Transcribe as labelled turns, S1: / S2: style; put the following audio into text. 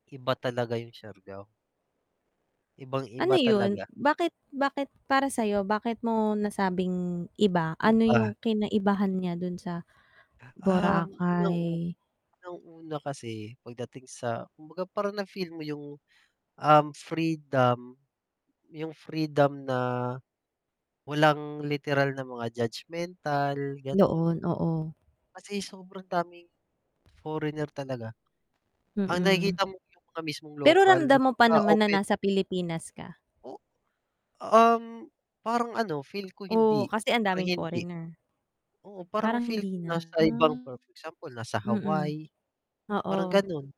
S1: Iba talaga yung Siargao.
S2: Ano
S1: Ibang-iba
S2: yun,
S1: talaga.
S2: bakit bakit para sa'yo bakit mo nasabing iba ano
S1: Iba.
S2: yung kinaibahan niya dun sa
S1: Ang unang-u
S2: Boracay?
S1: unang-una kasi pagdating sa kumbaga parang na-feel mo yung, um, freedom, yung freedom na walang literal na mga judgemental ganon.
S2: Noon, oo.
S1: Kasi sobrang daming foreigner talaga. Ang
S2: Mm.
S1: nakikita mo yung mga mismong
S2: Pero
S1: lokal na
S2: ramdam mo pa
S1: napaka
S2: naman na
S1: open.
S2: nasa Pilipinas ka?
S1: O um, parang ano feel ko hindi,
S2: Oo, kasi ang
S1: parang
S2: daming
S1: hindi.
S2: foreigner.
S1: Oo, parang
S2: Parang
S1: feel ko
S2: hindi
S1: nasa
S2: na.
S1: ibang per, example nasa
S2: Mm,
S1: Hawaii,
S2: oo.
S1: parang ganun.